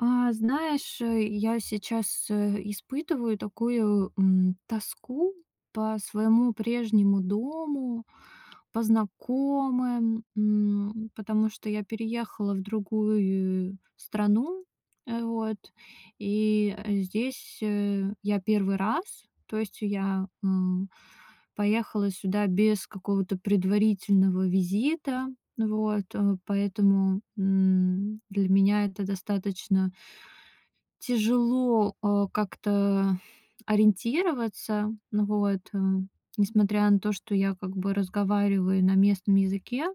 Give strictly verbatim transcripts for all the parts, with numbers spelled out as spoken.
А, знаешь, э, я сейчас, э, испытываю такую, м, тоску по своему прежнему дому, по знакомым. М, потому что я переехала в другую страну. Э, вот. И здесь, э, я первый раз. То есть я, м, поехала сюда без какого-то предварительного визита. Вот. Поэтому, м, для меня это достаточно тяжело, а, как-то ориентироваться. Ну вот, э, несмотря на то, что я как бы разговариваю на местном языке.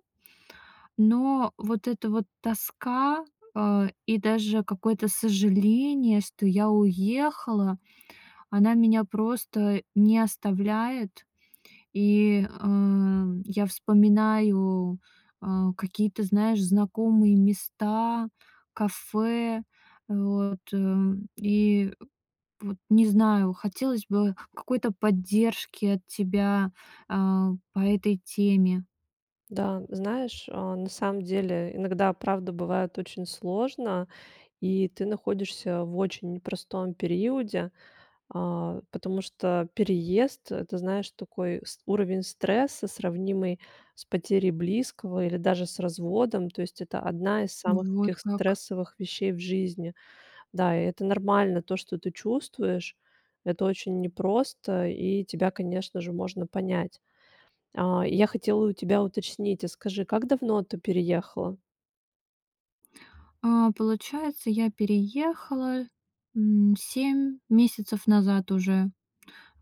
Но вот эта вот тоска, а, и даже какое-то сожаление, что я уехала, она меня просто не оставляет. И, эм, я вспоминаю, а, какие-то, знаешь, знакомые места, кафе. Э, вот, м. И вот не знаю, хотелось бы какой-то поддержки от тебя, э, по этой теме. Да, знаешь, а, на самом деле иногда правда бывает очень сложно. И ты находишься в очень непростом периоде, а, потому что переезд- это, знаешь, такой ст уровень стресса, сравнимый с потерей близкого или даже с разводом. То есть это одна из Ну, самых вот таких как. стрессовых вещей в жизни. Да, и это нормально то, что ты чувствуешь, это очень непросто, и тебя, конечно же, можно понять. А, я хотела у тебя уточнить, а скажи, как давно ты переехала? А, получается, я переехала, м, семь месяцев назад уже.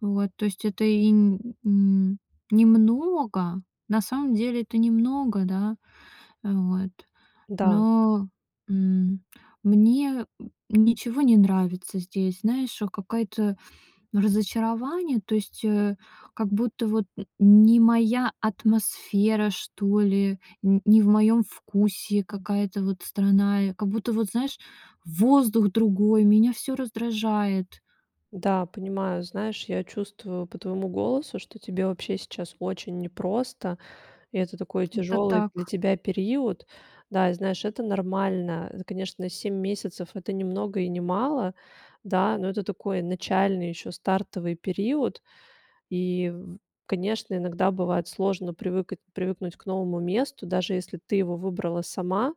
Вот, то есть это и н н немного. На самом деле это немного, да. Э, вот. Да. Но, м, мне, э, ничего не нравится здесь. Знаешь, э, какая-то разочарование. То есть, э, как будто вот н не моя атмосфера, что ли, н не в моем вкусе какая-то вот страна. Я как будто вот, знаешь, воздух другой, меня всё раздражает. Да, понимаю. Знаешь, я чувствую по твоему голосу, что тебе вообще сейчас очень непросто, и это такой Это тяжёлый так. для тебя период. Да, и знаешь, это нормально. Это, конечно, семь месяцев- это не много и не мало. Да, но это такой начальный ещё стартовый период. И, в конечно, иногда бывает сложно привыка привыкнуть к новому месту, даже если ты его выбрала сама.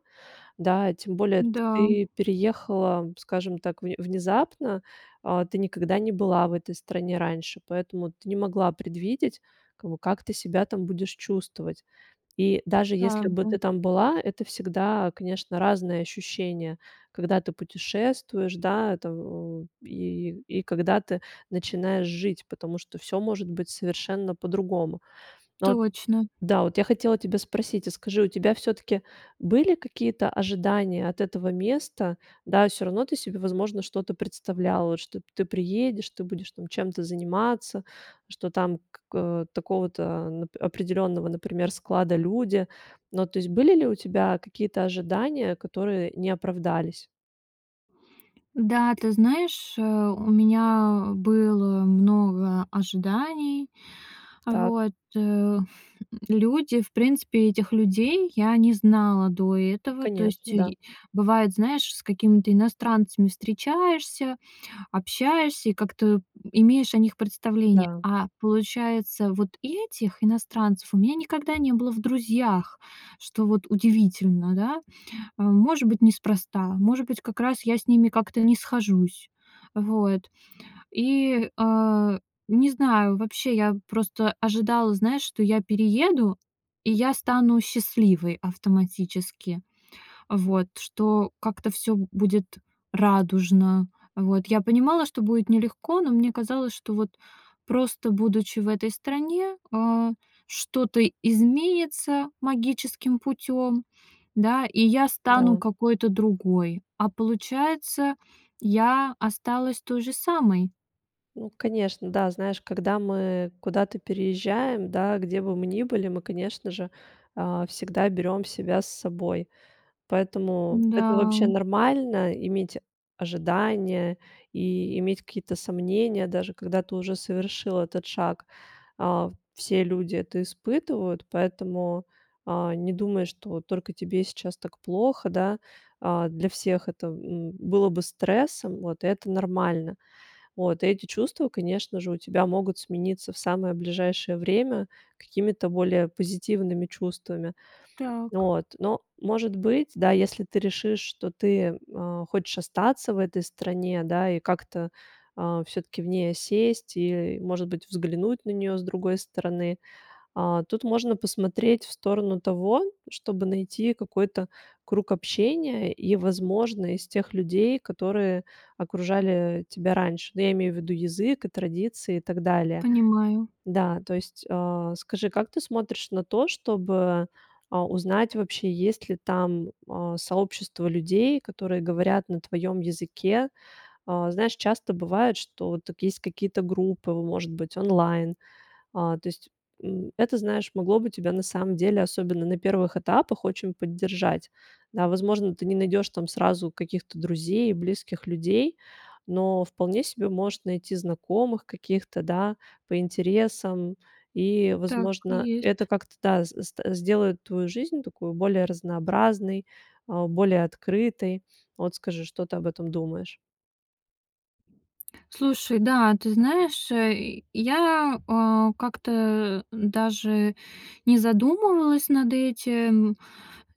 Да, тем более т Да. ты переехала, скажем так, вн внезапно. А, ты никогда не была в этой стране раньше, поэтому ты не могла предвидеть, как бы, как ты себя там будешь чувствовать. И даже если бы Правда. ты там была, это всегда, конечно, разные ощущения, когда ты путешествуешь, да, это в и, и когда ты начинаешь жить, потому что всё может быть совершенно по-другому. Ну вот Точно. Да, вот я хотела тебя спросить, а скажи, у тебя всё-таки были какие-то ожидания от этого места? Да, всё равно ты себе, возможно, что-то представляла, вот что ты приедешь, ты будешь там чем-то заниматься, что там как такого-то определённого, например, склада люди. Ну, то есть были ли у тебя какие-то ожидания, которые не оправдались? Да, ты знаешь, э, у меня было много ожиданий. Так. Вот, э. Люди, в принципе этих людей я не знала до этого. То Конечно, есть да. е бывает, знаешь, с какими-то иностранцами встречаешься, общаешься и как-то, э, имеешь о них представление. Да. А получается, вот этих иностранцев у меня никогда не было в друзьях, что вот удивительно, да. Э, может быть, неспроста, может быть, как раз я с ними как-то не схожусь. Вот. И, а, не знаю, вообще, я просто ожидала, знаешь, что я перееду, и я стану счастливой автоматически. Вот, что как-то всё будет радужно. Вот. Я понимала, что будет нелегко, но мне казалось, что вот просто будучи в этой стране, а, что-то изменится магическим путём, да, и я стану Да. какой-то другой. А получается, я осталась той же самой. Ну, конечно, да, знаешь, когда мы куда-то переезжаем, да, где бы мы ни были, мы, конечно же, а, всегда берем себя с собой. Поэтому это вообще Да. нормально иметь ожидания и иметь какие-то сомнения, даже когда ты уже совершил этот шаг. А, все люди это испытывают, поэтому, а, не думай, что вот только тебе сейчас так плохо, да. А, для всех это б м, было бы стрессом, вот и это нормально. Вот эти чувства, конечно же, у тебя могут смениться в самое ближайшее время какими-то более позитивными чувствами, Так. вот. Но может быть, да, если ты решишь, что ты, а, хочешь остаться в этой стране, да, и как-то, а всё-таки в ней осесть и, может быть, взглянуть на неё с другой стороны. А, тут можно посмотреть в сторону того, чтобы найти какой-то круг общения и, возможно, из тех людей, которые окружали, э, тебя раньше, ну, я имею в виду язык и традиции и так далее. Понимаю. Да, то есть, а, скажи, как ты смотришь на то, чтобы, а, узнать вообще, есть ли там, а, сообщество людей, которые говорят на твоем языке? А, знаешь, часто бывает, что тут есть какие-то группы, может быть, онлайн. А, то есть, м, это, знаешь, могло бы тебя на самом деле, особенно на первых этапах, очень поддержать. Да, возможно, ты не найдешь там сразу каких-то друзей, близких людей, но вполне себе можешь найти знакомых каких-то, да, по интересам. И, Так и возможно, это есть. как-то, да, с сд сделает твою жизнь такую более разнообразной, а, более открытой. Вот скажи, что ты об этом думаешь? Слушай, да, ты знаешь, э, я, э, как-то даже не задумывалась над этим. Э,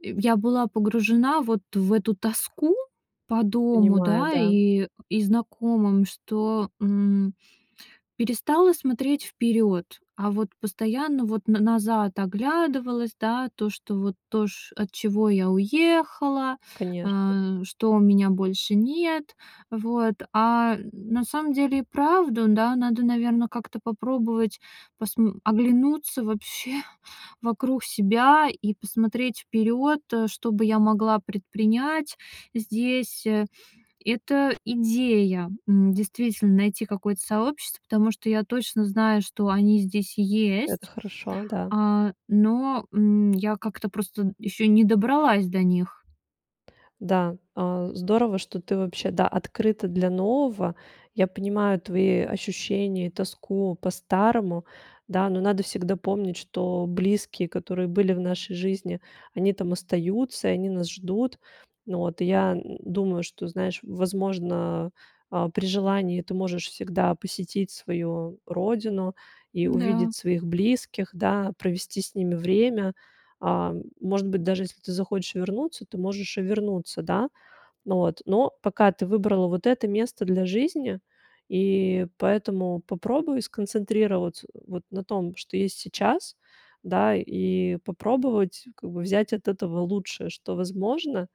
я была погружена вот в эту тоску по дому, Понимаю, да, да. и и знакомым, что, м, перестала смотреть вперёд, а вот постоянно вот н назад оглядывалась, да, то, что вот то, чт от чего я уехала. Конечно. Э, что у меня больше нет. Вот. А н на самом деле и правда, да. Надо, наверное, как-то попробовать посм оглянуться вообще вокруг себя и посмотреть вперёд, э, что бы я могла предпринять здесь. Это идея, м, действительно, найти какое-то сообщество, потому что я точно знаю, что они здесь Это есть. хорошо, да. А, но, м, я как-то просто ещё не добралась до них. Да, а, здорово, что ты вообще, да, открыта для нового. Я понимаю твои ощущения и тоску по старому, да. Но надо всегда помнить, что близкие, которые были в нашей жизни, они там остаются, и они нас ждут. Ну вот, и я н думаю, что, знаешь, возможно, а, при желании ты можешь всегда посетить свою родину и Н-да. увидеть своих близких, да, провести с ними время. А, может быть, даже если ты захочешь вернуться, ты можешь и вернуться, да. Ну вот, но пока ты выбрала вот это место для жизни, и поэтому попробуй сконцентрироваться вот на том, что есть сейчас, да, и попробовать как бы взять от этого лучшее, что возможно.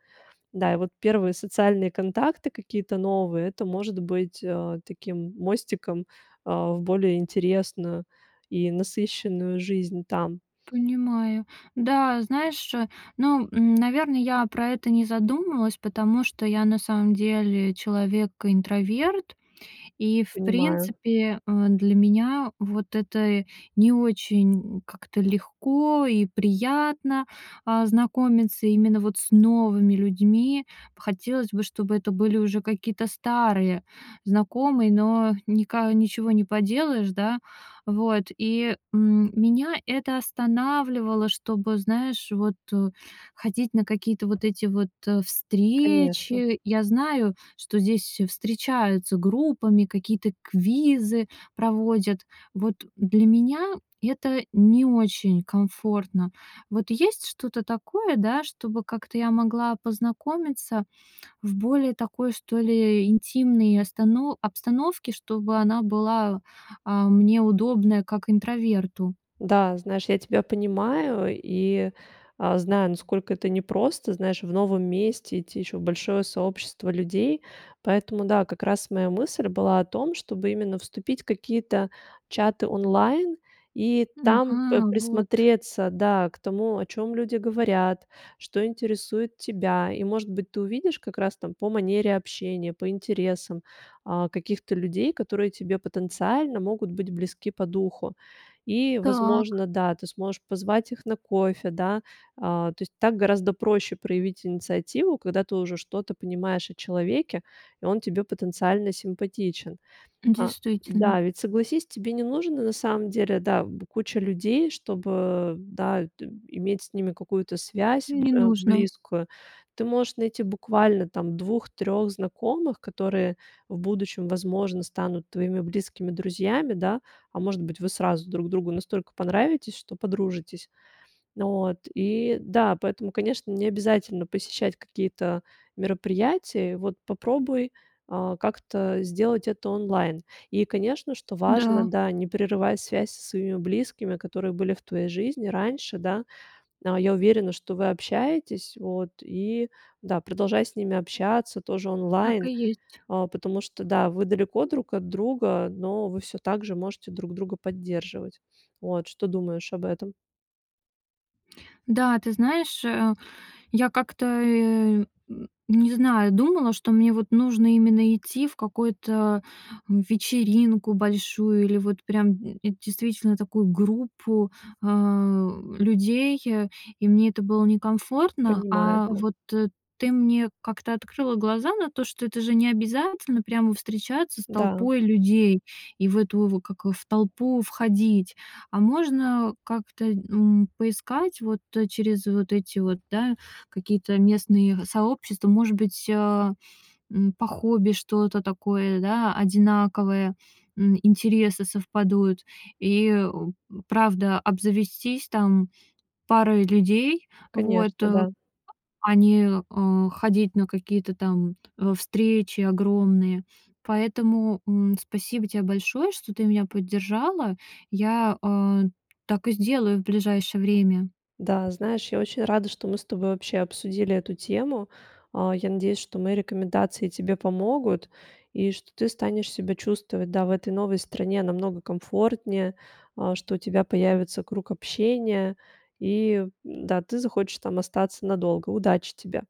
Да, и вот первые социальные контакты какие-то новые- это может быть, э, таким мостиком, а, в более интересную и насыщенную жизнь там. Понимаю. Да, знаешь, э, ну, н наверное, я про это не задумалась, потому что я на самом деле человек-интроверт. И, в Понимаю. принципе, э, для меня вот это не очень как-то легко и приятно, а, знакомиться именно вот с новыми людьми. Хотелось бы, чтобы это были уже какие-то старые знакомые, но ника ничего не поделаешь, да. Вот. И, м, меня это останавливало, чтобы, знаешь, вот, э, ходить на какие-то вот эти вот, э, Конечно. встречи. Я знаю, что здесь встречаются группами, какие-то квизы проводят. Вот для меня это не очень комфортно. Вот есть что-то такое, да, чтобы как-то я могла познакомиться в более такой, что ли, интимной остано обстановке, чтобы она была, а, мне удобная как интроверту. Да, знаешь, я тебя понимаю и, а, знаю, насколько это непросто, знаешь, в новом месте идти ещё в большое сообщество людей. Поэтому, да, как раз моя мысль была о том, чтобы именно вступить в какие-то чаты онлайн и там п Ага, вот. присмотреться, да, к тому, о чём люди говорят, что интересует тебя. И, может быть, ты увидишь как раз там по манере общения, по интересам, э, каких-то людей, которые тебе потенциально могут быть близки по духу. И, Так. возможно, да, ты сможешь позвать их на кофе, да. А, то есть так гораздо проще проявить инициативу, когда ты уже что-то понимаешь о человеке, и он тебе потенциально симпатичен. А Действительно. да, ведь согласись, тебе не нужно на самом деле, да, б куча людей, чтобы, да, д иметь с ними какую-то связь, Не э, нужно. близкую. Ты можешь найти буквально там двух трех знакомых, которые в будущем, возможно, станут твоими близкими друзьями, да? А может быть, вы сразу друг другу настолько понравитесь, что подружитесь. Вот и да, поэтому, конечно, не обязательно посещать какие-то мероприятия. Вот попробуй, а, как-то сделать это онлайн. И, конечно, что важно, Да. да, не прерывать связь со своими близкими, которые были в твоей жизни раньше, да. А, я уверена, что вы общаетесь. Вот и да, продолжай с ними общаться тоже Так и онлайн, есть. а, потому что, да, вы далеко друг от друга, но вы всё так же можете друг друга поддерживать. Вот что думаешь об этом? Да, ты знаешь, э, я как-то, э, м, не знаю, думала, что мне вот нужно именно идти в какую-то вечеринку большую или вот прям, м, действительно такую группу, а, людей, э, и мне это было некомфортно, Понимаю, а да. вот т ты мне как-то открыла глаза на то, что это же не обязательно прямо встречаться с Да. толпой людей и в эту в как в толпу входить, а можно как-то, н поискать вот через вот эти вот, да, какие-то местные сообщества. Может быть, э, м, по хобби что-то такое, да, одинаковое, м, интересы совпадут. И, э, м, правда, обзавестись, там, парой людей, вот, Конечно, э, да. а не, а, ходить на какие-то, там, э, встречи огромные. Поэтому, м, спасибо тебе большое, что ты меня поддержала. Я, а, так и сделаю в ближайшее время. Да, знаешь, я очень рада, что мы с тобой вообще обсудили эту тему. А, я надеюсь, что мои рекомендации тебе помогут и что ты станешь себя чувствовать, да, в этой новой стране намного комфортнее, а, что у тебя появится круг общения. И, м-да, ты захочешь там остаться надолго. Удачи тебе.